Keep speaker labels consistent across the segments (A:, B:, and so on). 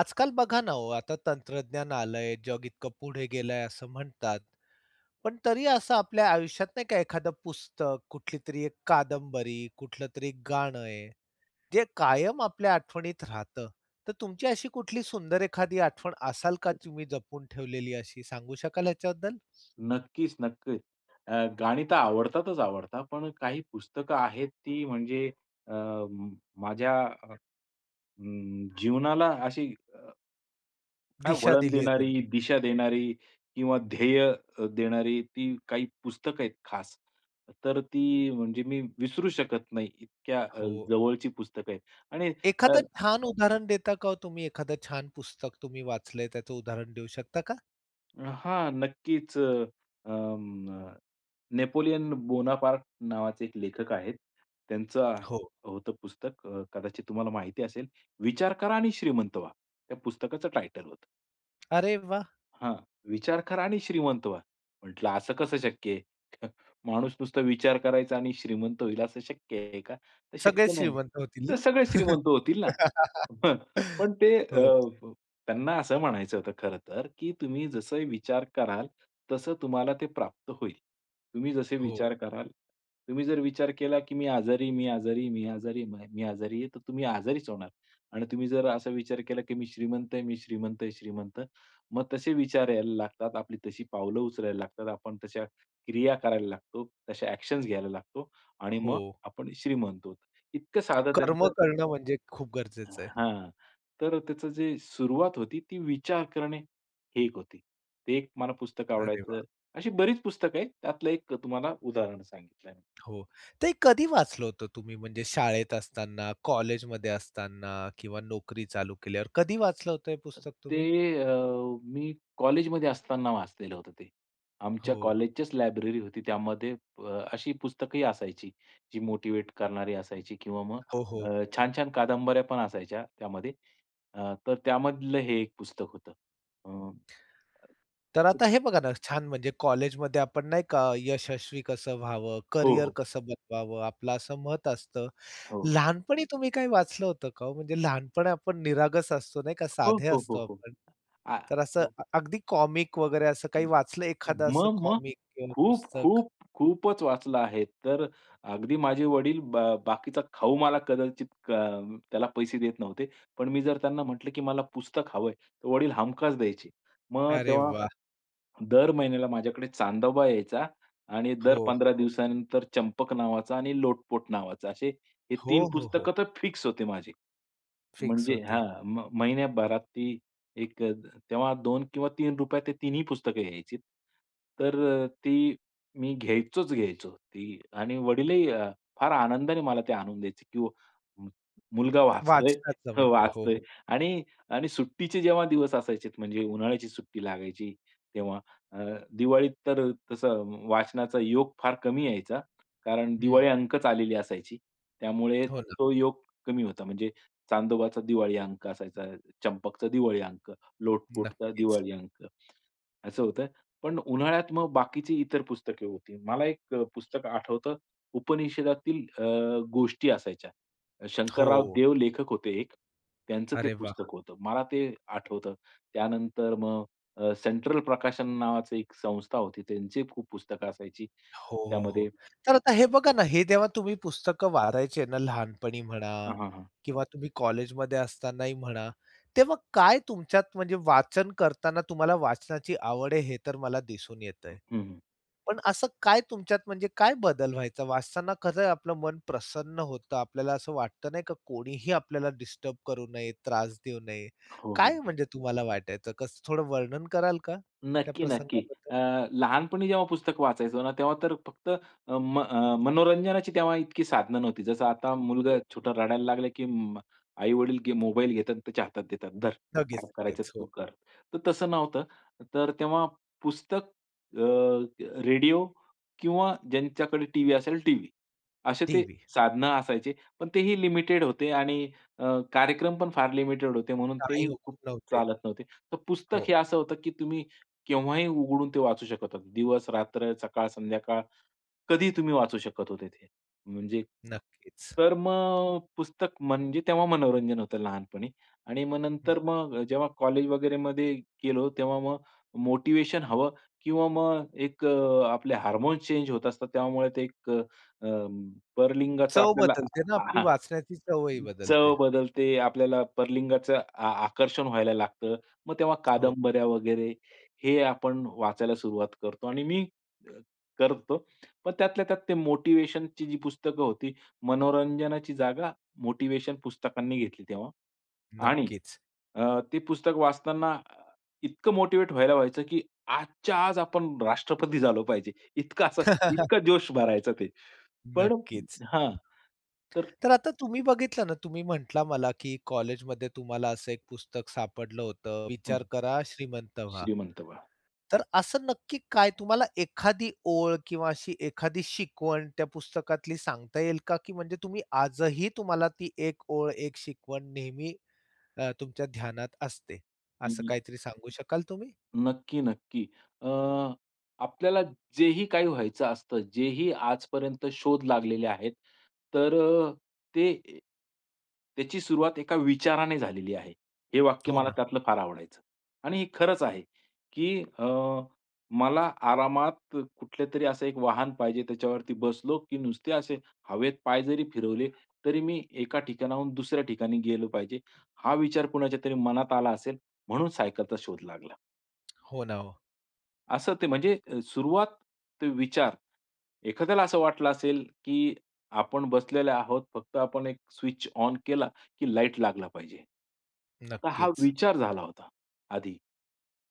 A: आजकाल बघा ना हो आता तंत्रज्ञान आलंय, जग इतकं पुढे गेलंय, असं म्हणतात. पण तरी असं आपल्या आयुष्यात नाही का एखादं पुस्तक कुठलीतरी एक कादंबरी, कुठलं तरी एक गाणं आहे जे कायम आपल्या आठवणीत राहतं. तर तुमची अशी कुठली सुंदर एखादी आठवण असाल का तुम्ही जपून ठेवलेली अशी सांगू शकाल ह्याच्याबद्दल?
B: नक्कीच-नक्कीच. अ, गाणी तर आवडतातच आवडतात पण काही पुस्तकं आहेत ती म्हणजे अ, माझ्या अ, जीवनाला अशी अ, काय
A: दिशा
B: वळण
A: दिली आहे
B: देणारी,
A: त्यांनी.
B: दिशा देणारी किंवा ध्येय अ, देणारी ती काही पुस्तकं आहेत खास. तर ती म्हणजे मी विसरू शकत नाही इतक्या अ,
A: हो.
B: जवळची पुस्तकं आहेत आणि अ
A: एखादा छान उदाहरण देता का हो तुम्ही? एखाद छान पुस्तक तुम्ही वाचलंय, त्याचं उदाहरण देऊ शकता का?
B: अ, हां नक्कीच अ, म न नेपोलियन बोनापार्ट नावाचे एक लेखक आहेत. त्यांचं
A: हो.
B: होतं पुस्तक अ, कदाचित तुम्हाला माहिती असेल. विचार करा आणि श्रीमंत व्हा. त्या पुस्तकाचं टायटल होतं.
A: अरे वाह!
B: हां. विचार करा आणि श्रीमंत व्हा. म्हटलं, "असं कसं शक्य आहे?" माणूस नुसता विचार करायचा आणि श्रीमंत होईल असं शक्य आहे का? तर शक्य
A: सगळेच
B: नाही.
A: श्रीमंत होतील
B: तर
A: ना?
B: सगळे श्रीमंत होतील ना. [unintelligible] पण ते अ,
A: हो.
B: त्यांना असं म्हणायचं होतं खरं तर, की तुम्ही जसं विचार कराल. तसं तुम्हाला ते प्राप्त होईल. तुम्ही जसे विचार
A: हो.
B: कराल, तुम्ही जर विचार केला, की मी आजारी आहे, मी आजारी, मी आजारी आहे, मी आजारी आहे. तर तुम्ही आजारीच होणार. आणि तुम्ही जर असा विचार केला, की मी श्रीमंत आहे, मी श्रीमंत आहे, श्रीमंत. मग तसे विचार यायला लागतात. आपली तशी पावलं उचलायला लागतात. आपण तशा क्रिया करायला लागतो, तशा ॲक्शन्स घ्यायला लागतो. आणि मग
A: हो.
B: आपण श्रीमंत आहोत. इतकं साधं
A: कर्म
B: त्यांचं
A: करणं म्हणजे खूप गरजेचं आहे.
B: हां. तर त्याचं जे सुरुवात होती. ती विचार करणे हे एक होती. ते एक मला पुस्तक
A: अरे
B: आवडायचं.
A: वाह!
B: अशी बरीच पुस्तकं आहेत. त्यातलं एक तुम्हाला उदाहरण सांगितलं.
A: हो. ते कधी वाचलं होतं तुम्ही म्हणजे शाळेत असताना, कॉलेजमध्ये असताना किंवा नोकरी चालू केल्यावर. कधी वाचलं होतं हे पुस्तक
B: ते
A: तुम्ही?
B: अ, मी कॉलेजमध्ये असताना वाचलेलं होतं ते. आमच्या
A: हो.
B: कॉलेजचीच लायब्ररी होती. त्यामध्ये अ, अशी पुस्तकंही असायची जी मोटिव्हेट करणारी असायची किंवा मग
A: हो, हो,
B: अ,
A: हो.
B: छान-छान कादंबऱ्यापण असायच्या त्यामध्ये. अ, तर त्यामधलं हे एक पुस्तक होतं. अ
A: तर आता हे बघा ना, छान म्हणजे कॉलेजमध्ये आपण नाही का, यशस्वी कसं व्हावं?
B: हो,
A: करियर
B: हो.
A: कसं बनवावं आपलं? असं मत असतं.
B: हो.
A: लहानपणी तुम्ही काय वाचलं होतं का ओ? म्हणजे लहानपणी आपण निरागस असतो. नाही का
B: हो,
A: साधे
B: हो, हो,
A: असतो
B: हो.
A: आपण.
B: आ,
A: तर असं
B: हो.
A: अगदी कॉमिक वगैरे असं काही
B: हं.
A: वाचलं एखादं असं
B: मग-मग.
A: कॉमिक किंवा
B: खूप,
A: पुस्तक.
B: खूप, खूपच वाचलं आहे. तर अगदी माझे वडील ब बाकीचा खाऊ मला कदाचित कं त्याला पैसे देत नव्हते. पण मी जर त्यांना म्हटलं, की मला पुस्तक हवंय. तर वडील हमखास द्यायचे. मग
A: अरे
B: तेव्हा,
A: वाह!
B: दर महिन्याला माझ्याकडे चांदोबा यायचा आणि
A: हो,
B: दर
A: हो,
B: 15
A: हो.
B: दिवसानंतर चंपक नावाचा आणि लोटपोट नावाचा असे हे 3
A: हो, हो, हो.
B: पुस्तकं तर फिक्स होते माझे.
A: फिक्स
B: म्हणजे
A: होती.
B: हां म महिन्याभरात ती एक तेव्हा 2 किंवा ₹3 रुपयात ते 3ही पुस्तकं यायची. तर अ, ती मी घ्यायचोच घ्यायचो ती आणि वडीलही अ, फार आनंदाने मला ते आणून द्यायचे, की [unintelligible] मुलगा वाचतोय
A: वाचनाचं
B: हं,
A: म्हणजे. हो,
B: वाचतोय
A: हो.
B: आणि आणि सुट्टीचे जेव्हा दिवस असायचे. म्हणजे उन्हाळ्याची सुट्टी लागायची. तेव्हा अ, दिवाळीत तर तसं वाचनाचा योग फार कमी यायचा. कारण दिवाळी
A: हं.
B: अंकच आलेली असायची. त्यामुळे
A: हो ना.
B: तो योग कमी होता. म्हणजे चांदोबाचा दिवाळी अंक असायचा, चंपकचा दिवाळी अंक, लोटपोटचा
A: नक्कीच.
B: दिवाळी अंक, असं होतंय. पण उन्हाळ्यात मग बाकीची इतर पुस्तकं होती. मला एक अ, पुस्तक आठवतं उपनिषेदातील अ, गोष्टी असायच्या. शंकरराव
A: हो.
B: देव लेखक होते एक त्यांचं ते
A: अरे वाह!
B: पुस्तक होतं. मला ते आठवतं. त्यानंतर मग अ, सेंट्रल प्रकाशन नावाची एक संस्था होती. त्यांची खूप पुस्तकं असायची.
A: हो, हो,
B: त्यामध्ये
A: हो. तर आता
B: [unintelligible]
A: हे बघा ना हे जेव्हा तुम्ही पुस्तक वाचायचे ना लहानपणी म्हणा
B: हां, हां, हां.
A: किंवा तुम्ही कॉलेजमध्ये असतानाही म्हणा, तेव्हा काय तुमच्यात म्हणजे वाचन करतांना तुम्हाला वाचनाची आवड आहे हे तर मला दिसून येतंय.
B: हं, हं.
A: पण असं काय तुमच्यात म्हणजे काय बदल व्हायचा? वाचताना कसयं आपलं मन प्रसन्न होतं, आपल्याला असं वाटतं नाही का कोणीही आपल्याला डिस्टर्ब करू नये, त्रास देऊ नये.
B: हो, हो,
A: काय
B: हो.
A: म्हणजे तुम्हाला वाटायचं? कसं थोडं वर्णन कराल का त्या
B: नक्की, नक्की.
A: प्रसंगाबद्दल?
B: अ, लहानपणी जेव्हा पुस्तक वाचायचो ना, तेव्हा तर फक्त अ, म मनोरंजनाची तेव्हा इतकी साधनं नव्हती. जसं आता मुलगा
A: हो.
B: छोटा रडायला लागला, की अं, आई-वडील गे मोबाईल घेतात. त्याच्या हातात देतात. धर
A: लगेच,
B: काय करायचं
A: लगेच.
B: तू
A: हो.
B: कर. तर तसं नव्हतं. तर तेव्हा पुस्तक, अ, रेडिओ किंवा ज्यांच्याकडे टीव्ही असेल टीव्ही. असे ते
A: देवी.
B: साधनं असायचे. पण तेही लिमिटेड होते आणि अ, कार्यक्रमपण फार लिमिटेड होते. म्हणून
A: काही
B: तेही
A: होत
B: खूप
A: नव्हते.
B: चालत नव्हते. तर पुस्तक
A: हो.
B: हे असं होतं, की तुम्ही केव्हाही उघडून ते वाचू शकत होता. दिवस, रात्र, सकाळ, संध्याकाळ कधीही तुम्ही वाचू शकत होते ते म्हणजे
A: नक्कीच.
B: तर मग पुस्तक म्हणजे तेव्हा मनोरंजन होतं लहानपणी. आणि मग
A: हं.
B: नंतर मग जेव्हा कॉलेज वगैरेमध्ये गेलो. तेव्हा मग मोटिव्हेशन हवं किंवा मग एक आपले हार्मोन्स चेंज होत असतात. त्यामुळे ते एक अ, अं, परलिंगाचा
A: चव
B: आपल्याला
A: बदलते ना आपली.
B: आहां!
A: वाचण्याची चव ही
B: चव
A: बदलते.
B: बदलते. आपल्याला परलिंगाचं आ, आकर्षण व्हायला लागतं. मग तेव्हा
A: हो.
B: कादंबऱ्या वगैरे हे आपण वाचायला सुरुवात करतो आणि मी करतो. पण त्यातल्या त्यात ते मोटिव्हेशनची जी पुस्तकं होती. मनोरंजनाची जागा मोटिव्हेशन पुस्तकांनी घेतली तेव्हा. आणि
A: नक्कीच.
B: अ, ते पुस्तक वाचताना इतकं मोटिव्हेट व्हायला व्हायचं, की आजच्या आज आपण राष्ट्रपती झालो पाहिजे. इतका असं इतका जोश भरायचं ते. पण
A: नक्कीच.
B: हां. तर
A: तर आता तुम्ही बघितलं ना तुम्ही म्हटला मला, की कॉलेजमध्ये तुम्हाला असं एक पुस्तक सापडलं होतं.
B: हं.
A: विचार करा श्रीमंत व्हा.
B: श्रीमंत व्हा.
A: तर असं नक्की काय तुम्हाला एखादी ओळ किंवा अशी एखादी शिकवण त्या पुस्तकातली सांगता येईल का? की म्हणजे तुम्ही आजही तुम्हाला ती एक ओळ, एक शिकवण नेहमी अ, तुमच्या ध्यानात असते.
B: हं,
A: असं
B: हं.
A: काहीतरी सांगू शकाल तुम्ही?
B: नक्की, नक्की. अ, आपल्याला जेही काही व्हायचं असतं, जेही आजपर्यंत शोध लागलेले आहेत. तर अ, ते त्याची सुरुवात एका विचाराने झालेली आहे. हे वाक्य
A: हो
B: मला
A: ना.
B: त्यातलं फार आवडायचं. आणि हे खरंच आहे, की अ, मला आरामात कुठल्यातरी असं एक वाहन पाहिजे. त्याच्यावरती बसलो, की नुसते असे हवेत पाय जरी फिरवले, तरी मी एका ठिकाणाहून दुसऱ्या ठिकाणी गेलो पाहिजे. हा विचार कुणाच्यातरी मनात आला असेल. म्हणून सायकलचा शोध लागला.
A: हो ना. हो.
B: असं ते म्हणजे सुरुवात ते विचार. एखाद्याला असं वाटलं असेल, की आपण बसलेले आहोत. फक्त आपण एक स्विच ऑन केला, की लाईट लागला पाहिजे. तर हा
A: नक्कीच.
B: विचार झाला होता, आधी.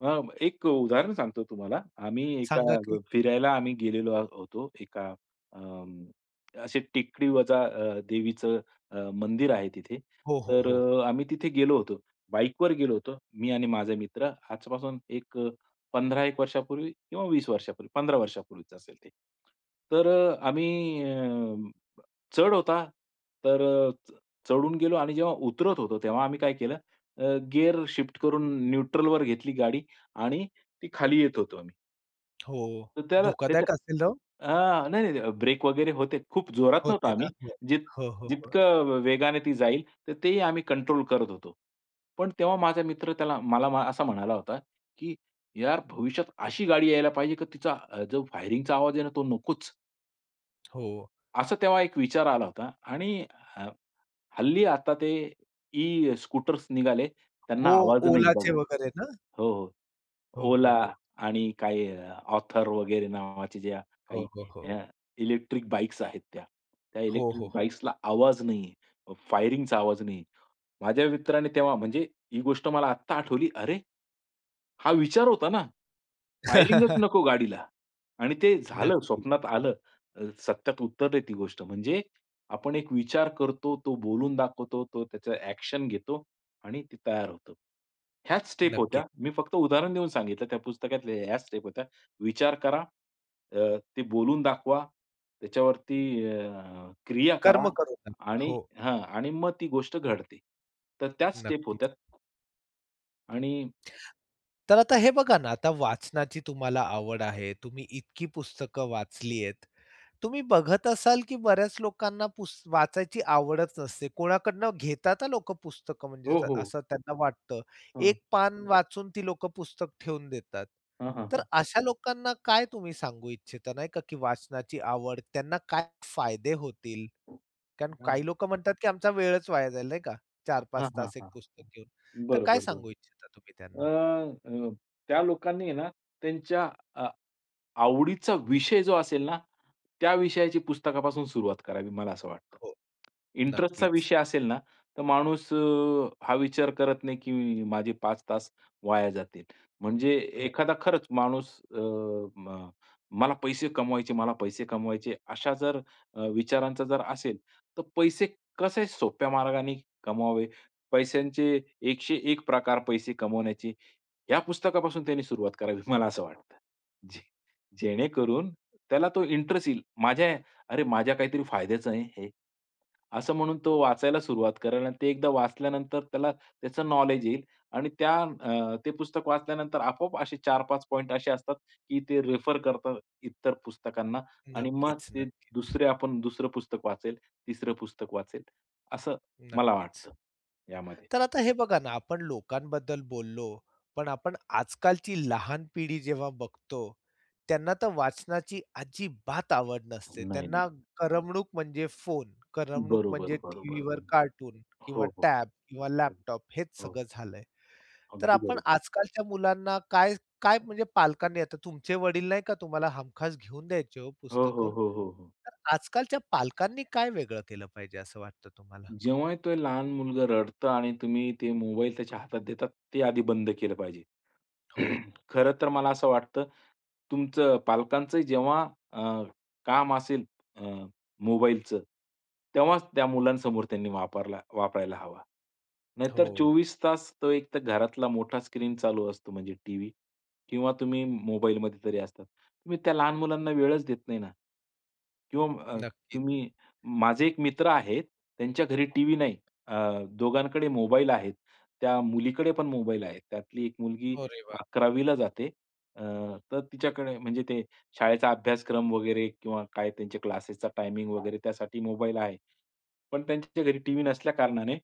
B: अ, एक उदाहरण सांगतो तुम्हाला. आम्ही एका
A: सांगा की.
B: फिरायला आम्ही गेलेलो होतो. एका अं, अशी टेकडीवजा अ, देवीचं अ, मंदिर आहे तिथे.
A: हो, हो,
B: तर
A: हो.
B: अ, आम्ही तिथे गेलो होतो. बाईकवर गेलो होतो. मी आणि माझा मित्र. आजपासून एक 15 एक वर्षापूर्वी किंवा 20 वर्षांपूर्वी, 15 वर्षांपूर्वीच असेल ते. तर आम्ही अ, चढ होता. तर अ, च चढून गेलो आणि जेव्हा उतरत होतो. तेव्हा आम्ही काय केलं, अ, गिअर शिफ्ट करून न्यूट्रलवर घेतली गाडी आणि ती खाली येत होतो आम्ही.
A: हो.
B: तर त्याला त्याच्या
A: धोकादायक असेल ना ओ?
B: आ, नाही, नाही, नाही. ब्रेक वगैरे होते. खूप जोरात नव्हतो
A: होते ना?
B: आम्ही.
A: बरं.
B: जित
A: हो, हो, हो, हो.
B: जितकं वेगाने ती जाईल, तर तेही आम्ही कंट्रोल करत होतो. पण तेव्हा माझा मित्र त्याला मला मा असा म्हणाला होता, की "यार भविष्यात अशी गाडी यायला पाहिजे, की तिचा जो फायरिंगचा आवाज आहे ना तो नकोच."
A: हो.
B: असं तेव्हा एक विचार आला होता आणि ह हल्ली आता ते ई-स्कूटर्स निघाले त्यांना
A: हो.
B: आवाज नाही
A: ओलाचे
B: बघा.
A: वगैरे ना?
B: हो, हो.
A: हो, हो,
B: ओला
A: हो.
B: आणि काही ऑथर वगैरे नावाच्या ज्या
A: हो,
B: काही
A: हो,
B: अ,
A: हो.
B: इलेक्ट्रिक बाईक्स आहेत त्या. त्या
A: हो, हो,
B: इलेक्ट्रिक
A: हो.
B: बाइक्सला आवाज नाही. फायरिंगचा आवाज नाही. माझ्या मित्राने तेव्हा म्हणजे ही गोष्ट मला आता आठवली. "अरे, हा विचार होता ना? फायरिंगच नको गाडीला आणि ते झालं.
A: नक्की.
B: स्वप्नात आलं. अ, सत्यात उतरली ती गोष्ट." म्हणजे आपण एक विचार करतो, तो बोलून दाखवतो, तो त्याचा ॲक्शन घेतो आणि ते तयार होतो. ह्याच स्टेप होत्या.
A: नक्कीच.
B: मी फक्त उदाहरण देऊन सांगितलं त्या पुस्तकातल्या ह्याच स्टेप होत्या. विचार करा, अ, ते बोलून दाखवा, त्याच्यावरती अ, क्रिया करा
A: कर्म करू नंतर.
B: आणि
A: हो.
B: हां. आणि मग ती गोष्ट घडते. तर त्याच स्टेप
A: नक्कीच.
B: होत्या. आणि
A: तर आता हे बघा ना, आता वाचनाची तुम्हाला आवड आहे. तुम्ही इतकी पुस्तकं वाचली आहेत. तुम्ही बघत असाल की बऱ्याच लोकांना पुस वाचायची आवडच नसते. कोणाकडून घेतात लोकं पुस्तक म्हणजे
B: हो, हो.
A: असं त्यांना वाटतं.
B: हां.
A: एक पान वाचून ती लोकं पुस्तक ठेवून देतात.
B: हां, हां,
A: तर
B: हां.
A: अशा लोकांना काय तुम्ही सांगू इच्छिता नाही का, की वाचनाची आवड त्यांना काय फायदे होतील कारण
B: हां.
A: काही लोक म्हणतात की आमचा वेळच वाया जाईल नाही का? चार
B: हां,
A: पाच
B: हां,
A: तास एक
B: हां.
A: पुस्तक घेऊन. तर काय
B: बरोबर, बरोबर.
A: सांगू इच्छिता तुम्ही त्यांना?
B: अ, अ, त्या लोकांनी आहे ना त्यांच्या अ, आवडीचा विषय जो असेल ना, त्या विषयाची पुस्तकापासून सुरुवात करावी मला असं वाटतं.
A: हो.
B: इंटरेस्टचा
A: नक्कीच.
B: विषय असेल ना तर माणूस अ, हा विचार करत नाही की माझे 5 तास वाया जातील. म्हणजे
A: हो.
B: एखादा खरंच माणूस अ, म मला पैसे कमवायचे, मला पैसे कमवायचे अशा जर विचारांचा जर असेल तर पैसे कसे सोप्या मार्गाने कमवावे. पैशांचे 101 प्रकार पैसे कमवण्याचे, या पुस्तकापासून त्याने सुरुवात करावी मला असं वाटतं. जे जेणेकरून त्याला तो इंटरेस्ट येईल. माझ्या अरे, माझ्या काहीतरी फायद्याचं आहे हे, असं म्हणून तो वाचायला सुरुवात करेल आणि ते एकदा वाचल्यानंतर त्याला त्याचं नॉलेज येईल आणि त्या अ, ते पुस्तक वाचल्यानंतर आपोआप असे 4-5 पॉइंट असे असतात की ते रेफर करतात इतर पुस्तकांना आणि मग
A: नक्कीच,
B: ते
A: नक्कीच.
B: दुसरे आपण दुसरं पुस्तक वाचेल, तिसरं पुस्तक वाचेल असं मला
A: नक्कीच.
B: वाटतं यामध्ये.
A: तर आता हे बघा ना, आपण लोकांबद्दल बोललो, पण आपण आजकालची लहान पिढी जेव्हा बघतो त्यांना तर वाचनाची अजिबात आवड नसते.
B: नाही,
A: त्यांना
B: नाही.
A: करमणूक म्हणजे फोन, करमणूक
B: बरोबर,
A: म्हणजे
B: बरोबर.
A: टीव्हीवर कार्टून किंवा
B: हो, हो,
A: टॅब किंवा
B: हो,
A: लॅपटॉप हेच सगळं झालंय. तर आपण
B: हो.
A: आजकालच्या मुलांना काय, काय म्हणजे पालकांनी आता तुमचे वडील नाही का तुम्हाला हमखास घेऊन द्यायचे हो
B: हो,
A: पुस्तक.
B: हो, हो, हो, हो.
A: तर आजकालच्या पालकांनी काय वेगळं केलं पाहिजे असं वाटतं तुम्हाला?
B: जेव्हा एक लहान मुलगा रडतो आणि तुम्ही ते मोबाईल त्याच्या हातात देतात, ते आधी बंद केलं पाहिजे.
A: हो.
B: खरं तर मला असं वाटतं तुमचं पालकांचं जेव्हा अ, काम असेल अ, मोबाईलचं, तेव्हाच त्या मुलांसमोर त्यांनी वापरला, वापरायला हवा. नाहीतर
A: हो.
B: 24 तास तो एक तर घरातला मोठा स्क्रीन चालू असतो म्हणजे टीव्ही किंवा तुम्ही मोबाईलमध्ये तरी असतात. तुम्ही त्या लहान मुलांना वेळच देत नाही ना किंवा अ,
A: नक्कीच.
B: तुम्ही माझे एक मित्र आहेत, त्यांच्या घरी टीव्ही नाही अ, दोघांकडे मोबाईल आहेत. त्या मुलीकडे पण मोबाईल आहे. त्यातली एक मुलगी
A: अरे वा!
B: 11वीला जाते. अ, तर तिच्याकडे म्हणजे ते शाळेचा अभ्यासक्रम वगैरे किंवा काय त्यांचे क्लासेसचा टायमिंग वगैरे त्यासाठी मोबाईल आहे. पण त्यांच्या घरी टीव्ही नसल्या कारणाने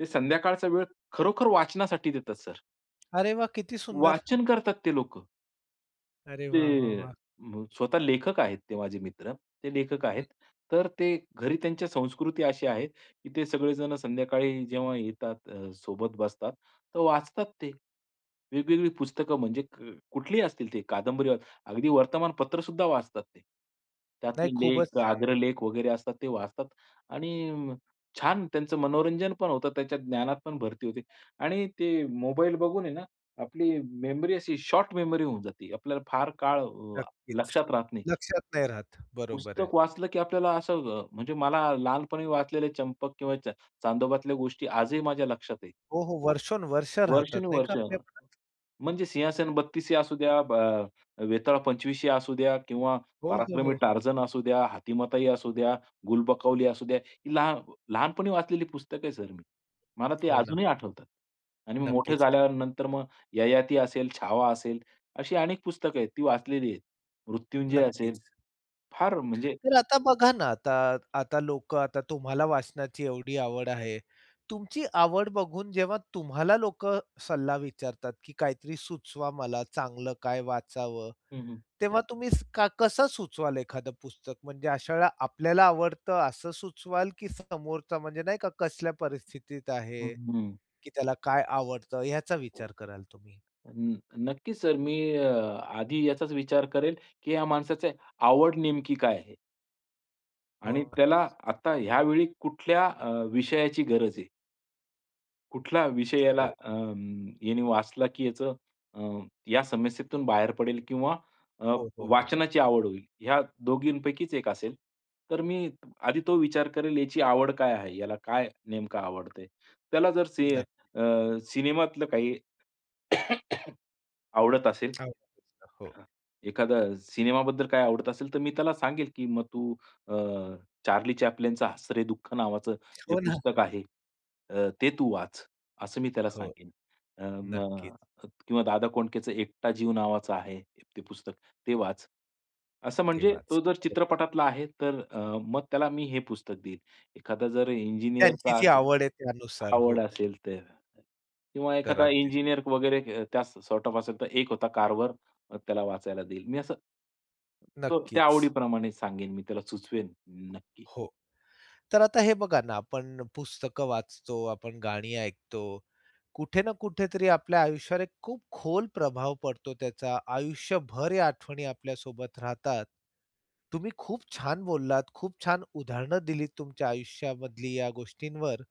B: ते संध्याकाळचा वेळ खरोखर वाचनासाठी देतात सर.
A: अरे वाह! किती सुंदर.
B: वाचन करतात ते लोकं.
A: अरे वाह, वाह,
B: ते अ,
A: वाह!
B: स्वतः लेखक आहेत, ते माझे मित्र, ते लेखक
A: हं.
B: आहेत. तर ते घरी त्यांच्या संस्कृती अशी आहे की ते सगळेजण संध्याकाळी जेव्हा येतात, अ, सोबत बसतात, तर वाचतात ते. वेगवेगळी पुस्तकं म्हणजे कुठलीही असतील ते कादंबरी अस अगदी वर्तमानपत्र सुद्धा वाचतात ते. त्यातले
A: नाही, खूपच
B: लेख,
A: छान आहे.
B: आग्रलेख वगैरे असतात ते वाचतात आणि अ, छान त्यांचं मनोरंजन पण होतं. त्याच्या ज्ञानात पण भरती होते. आणि ते मोबाईल बघून आहे ना, आपली मेमरी अशी शॉर्ट मेमरी होऊन जाते. आपल्याला फार अ, काळ
A: नक्कीच.
B: लक्षात राहत नाही.
A: लक्षात नाही राहत. बरोबर
B: पुस्तक
A: आहे.
B: वाचलं की आपल्याला असं अ, म्हणजे मला लहानपणी वाचलेले चंपक किंवा चा चांदोबातल्या गोष्टी आजही माझ्या लक्षात आहेत.
A: हो, हो वर्षोनोवर्ष राहतात, नाही का
B: वर्षानुवर्ष.
A: आपल्या मनात.
B: म्हणजे सिंहासन बत्तीसी असूद्या, ब अ, वेताळ पंचवीसी असूद्या किंवा
A: हो, हो,
B: पराक्रमी
A: हो.
B: टार्जन असू द्या, हातीमाताई असू द्या, गुलबकवली असू द्या, ही लहा लहानपणी वाचलेली पुस्तक आहे सर मी. मला ते
A: हो ना.
B: अजूनही आठवतात. आणि मी मोठे
A: नक्कीच.
B: झाल्यानंतर मग ययाती असेल, छावा असेल अशी अनेक पुस्तक आहेत, ती वाचलेली आहेत. मृत्युंजय असेल,
A: नक्कीच.
B: फार म्हणजे
A: तर आता बघा ना, आता आता लोकं आता तुम्हाला वाचनाची एवढी आवड आहे. तुमची आवड बघून, जेव्हा तुम्हाला लोकं सल्ला विचारतात, की काहीतरी सुचवा मला चांगलं काय वाचावं.
B: हं, हं.
A: तेव्हा तुम्ही कसं सां सुचवाल एखादं पुस्तक, म्हणजे अशा वेळेला आपल्याला आवडतं असं सुचवाल? की समोरचा म्हणजे नाही का कसल्या परिस्थितीत
B: हं,
A: आहे,
B: हं.
A: की त्याला काय आवडत याचा विचार
B: हं.
A: कराल तुम्ही?
B: नक्कीच सर मी अ, आधी याचाच विचार करेल, की ह्या माणसाची आवड नेमकी काय आहे? आणि
A: हो.
B: त्याला आता यावेळी कुठल्या अ, विषयाची गरज आहे? कुठला विषय याला
A: हो.
B: अ, यांनी वाचला, की याचं अ, या समस्येतून बाहेर पडेल किंवा अ,
A: हो, हो, हो.
B: वाचनाची आवड होईल. या दोघींपैकीच एक असेल. तर मी आधी तो विचार करेल याची आवड काय आहे? याला काय नेमकं आवडतंय. त्याला जर सि
A: नक
B: अ, सिनेमातलं काही आवडत असेल.
A: आवडीचं. हो.
B: हां. एखादा सिनेमाबद्दल काय आवडत असेल तर मी त्याला सांगेल, की मग तू अ, चार्ली चॅप्लिनचा 'हसरे दुःख' नावाचं जे
A: हो ना.
B: पुस्तक आहे अ, ते तू वाच, असं मी त्याला
A: हो.
B: सांगेन. अ, अ,
A: नक्कीच.
B: मग किंवा दादा कोंडकेच 'एकटा जीव' नावाचा आहे ते पुस्तक ते वाच. असं
A: ते
B: म्हणजे तो
A: वाच.
B: जर
A: बरोबर.
B: चित्रपटातला आहे. तर अ, मग त्याला मी हे पुस्तक देईल. एखादा जर
A: त्यांची
B: इंजिनिअरचा
A: जी
B: असेल,
A: आवड आहे त्यानुसार.
B: आवड
A: हो.
B: असेल तर. किंवा
A: तर
B: एखादा
A: अगदी
B: इंजिनिअर वगैरे अ, त्या सॉर्ट ऑफ असेल, तर 'एक होता कार्व्हर' त्याला वाचायला देईल. मी असं तो त्या
A: नक्कीच.
B: आवडीप्रमाणे सांगेन मी त्याला सुचवेन. नक्की.
A: हो. तर आता हे बघा ना आपण पुस्तकं वाचतो. आपण गाणी ऐकतो. कुठे ना कुठेतरी आपल्या आयुष्यावर एक खूप खोल प्रभाव पडतो त्याचा. आयुष्यभर या आठवणी आपल्या सोबत राहतात. तुम्ही खूप छान बोललात. खूप छान उदाहरणं दिलीत तुमच्या आयुष्यामधली या गोष्टींवर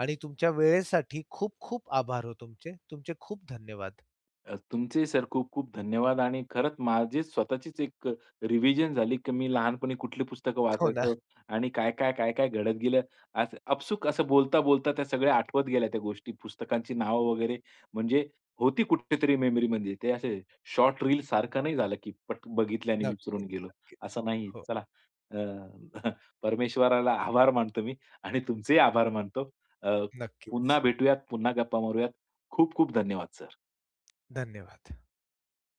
A: आणि तुमच्या वेळेसाठी खूप, खूप आभार हो तुमचे. तुमचे खूप धन्यवाद.
B: अ, तुमचेही सर खूप, खूप धन्यवाद आणि खरंच माझी स्वतःचीच एक रिव्हिजन झाली, की मी लहानपणी कुठली पुस्तकं
A: हो ना.
B: वाचायचो आणि काय, काय, काय, काय घडत गेलं. असं अपसूक असं बोलता बोलता त्या सगळ्या आठवत गेल्या त्या गोष्टी पुस्तकांची नावं वगैरे म्हणजे होती कुठे तरी मेमरीमध्ये. ते असे शॉर्ट रील सारखं नाही झालं, की पट बघितले आणि विसरून
A: नक्कीच,
B: गेलो.
A: नक्कीच.
B: असं नाही आहे.
A: हो.
B: चला अ, परमेश्वराला आभार मानतो मी आणि तुमचेही आभार मानतो. अ, पुन्हा
A: नक्कीच.
B: भेटूयात. पुन्हा गप्पा मारूयात. खूप, खूप धन्यवाद सर.
A: धन्यवाद.